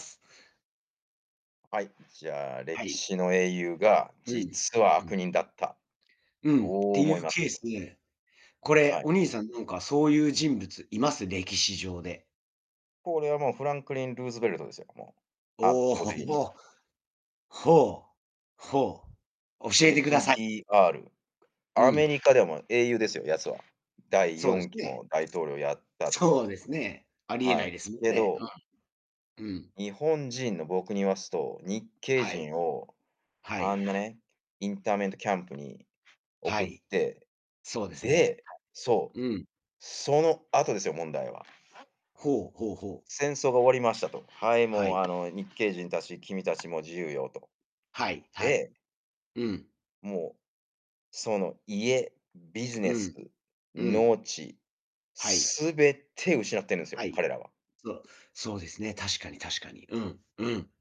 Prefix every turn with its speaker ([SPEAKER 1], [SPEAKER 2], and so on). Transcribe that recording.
[SPEAKER 1] はい、じゃあ、
[SPEAKER 2] は
[SPEAKER 1] 歴
[SPEAKER 2] い。
[SPEAKER 1] 史の英雄が
[SPEAKER 2] うん、
[SPEAKER 1] 実は
[SPEAKER 2] う
[SPEAKER 1] 悪
[SPEAKER 2] ん。
[SPEAKER 1] 人だった。
[SPEAKER 2] う
[SPEAKER 1] どう
[SPEAKER 2] ん、てい
[SPEAKER 1] 思
[SPEAKER 2] う
[SPEAKER 1] います？
[SPEAKER 2] ケースで、これ、
[SPEAKER 1] はい。
[SPEAKER 2] お兄さん、なんか、そういう人物います？歴史上で。
[SPEAKER 1] これはもうフランクリン・ルーズベルトですよ、もう、圧
[SPEAKER 2] お
[SPEAKER 1] 倒的に。
[SPEAKER 2] お、ほお。ほ、ほ。教えてください
[SPEAKER 1] FDR、
[SPEAKER 2] う
[SPEAKER 1] アメ
[SPEAKER 2] ん。
[SPEAKER 1] リカでも英雄ですよ、やつは。第
[SPEAKER 2] そ
[SPEAKER 1] よ
[SPEAKER 2] うで
[SPEAKER 1] ん
[SPEAKER 2] す
[SPEAKER 1] き
[SPEAKER 2] ね。
[SPEAKER 1] も大統領やったと。
[SPEAKER 2] そうですね。ありえ
[SPEAKER 1] は
[SPEAKER 2] ない
[SPEAKER 1] い。
[SPEAKER 2] ですもん
[SPEAKER 1] け
[SPEAKER 2] ね、
[SPEAKER 1] ど
[SPEAKER 2] うん。うん。
[SPEAKER 1] 日本人の僕に言わすと、日系
[SPEAKER 2] はい。
[SPEAKER 1] 人を、
[SPEAKER 2] は
[SPEAKER 1] あ
[SPEAKER 2] い。
[SPEAKER 1] んなね、インターメントキャンプに
[SPEAKER 2] は
[SPEAKER 1] 送っ
[SPEAKER 2] い。
[SPEAKER 1] て、
[SPEAKER 2] そうですね、
[SPEAKER 1] で、そう、
[SPEAKER 2] はい。うん。
[SPEAKER 1] その後ですよ、問題は。
[SPEAKER 2] ほうほうほう。
[SPEAKER 1] 戦争が終わりましたと。はい、
[SPEAKER 2] は
[SPEAKER 1] もう、
[SPEAKER 2] い。
[SPEAKER 1] あの、日系人たち、君たちも自由よと。
[SPEAKER 2] はいはい。
[SPEAKER 1] で
[SPEAKER 2] うん。
[SPEAKER 1] もう、その家、ビジ
[SPEAKER 2] う
[SPEAKER 1] ネス、
[SPEAKER 2] ん、うん。
[SPEAKER 1] 農地、
[SPEAKER 2] はい。
[SPEAKER 1] 全て失ってるんです
[SPEAKER 2] は
[SPEAKER 1] よ、
[SPEAKER 2] い。
[SPEAKER 1] 彼らは。
[SPEAKER 2] そうそうですね。確かに確かに。うん、うん。